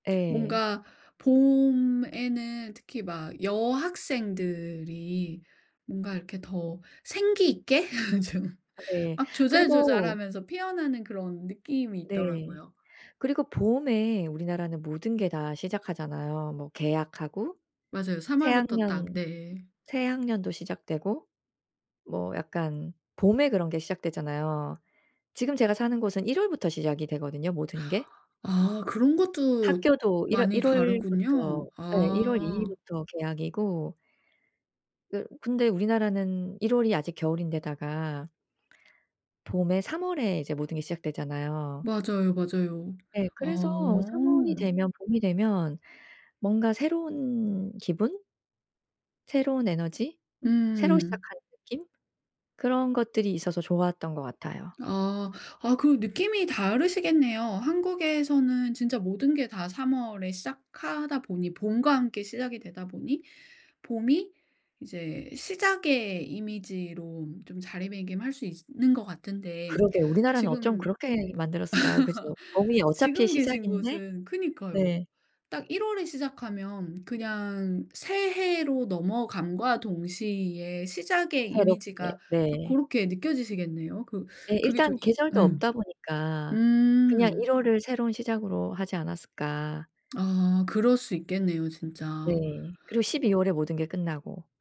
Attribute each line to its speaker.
Speaker 1: 예.
Speaker 2: 뭔가 봄에는 특히 막 여학생들이 뭔가 이렇게 더 생기 있게 좀
Speaker 1: 아 네.
Speaker 2: 막
Speaker 1: 그리고
Speaker 2: 조잘조잘하면서 피어나는 그런 느낌이
Speaker 1: 네.
Speaker 2: 있더라고요.
Speaker 1: 그리고 봄에 우리나라는 모든 게 다 시작하잖아요. 뭐 개학하고
Speaker 2: 맞아요. 3
Speaker 1: 새
Speaker 2: 월부터 딱.
Speaker 1: 학년
Speaker 2: 네.
Speaker 1: 새 학년도 시작되고 뭐 약간 봄에 그런 게 시작되잖아요. 지금 제가 사는 곳은 1 월부터 시작이 되거든요, 모든 게.
Speaker 2: 아 그런 것도
Speaker 1: 학교도 1 월
Speaker 2: 많이
Speaker 1: 1
Speaker 2: 다르군요.
Speaker 1: 월부터 예. 1 월 2
Speaker 2: 아.
Speaker 1: 일부터 개학이고 또 근데 우리나라는 1 월이 아직 겨울인 데다가 봄에 3 월에 이제 모든 게 시작되잖아요.
Speaker 2: 맞아요, 맞아요.
Speaker 1: 예. 그래서 3 월이
Speaker 2: 어.
Speaker 1: 되면 봄이 되면 뭔가 새로운 기분? 새로운 에너지? 새로
Speaker 2: 음.
Speaker 1: 시작하는 느낌? 그런 것들이 있어서 좋았던 것 같아요.
Speaker 2: 아. 아 그럼 느낌이 다르시겠네요. 한국에서는 진짜 모든 게 다 3 월에 시작하다 보니 봄과 함께 시작이 되다 보니 봄이 이제 시작의 이미지로 좀 자리매김할 수 있으 는 것 같은데
Speaker 1: 그러게 우리나라는 어쩜
Speaker 2: 지금
Speaker 1: 그렇게 만들었을까요, 그죠? 봄이 어차피
Speaker 2: 지금 계신
Speaker 1: 시작인데
Speaker 2: 곳은 그니까요.
Speaker 1: 네.
Speaker 2: 딱 1 월에 시작하면 그냥 새해로 넘어감과 동시에 시작의
Speaker 1: 새롭게.
Speaker 2: 이미지가 딱
Speaker 1: 네.
Speaker 2: 고렇게 느껴지시겠네요. 그
Speaker 1: 예.
Speaker 2: 그게 좀
Speaker 1: 일단
Speaker 2: 이
Speaker 1: 계절도
Speaker 2: 음.
Speaker 1: 없다 보니까 그냥
Speaker 2: 음.
Speaker 1: 1 월을 새로운 시작으로 하지 않았을까.
Speaker 2: 아 그럴 수 있겠네요, 진짜.
Speaker 1: 네. 그리고 12 월에 모든 게 끝나고.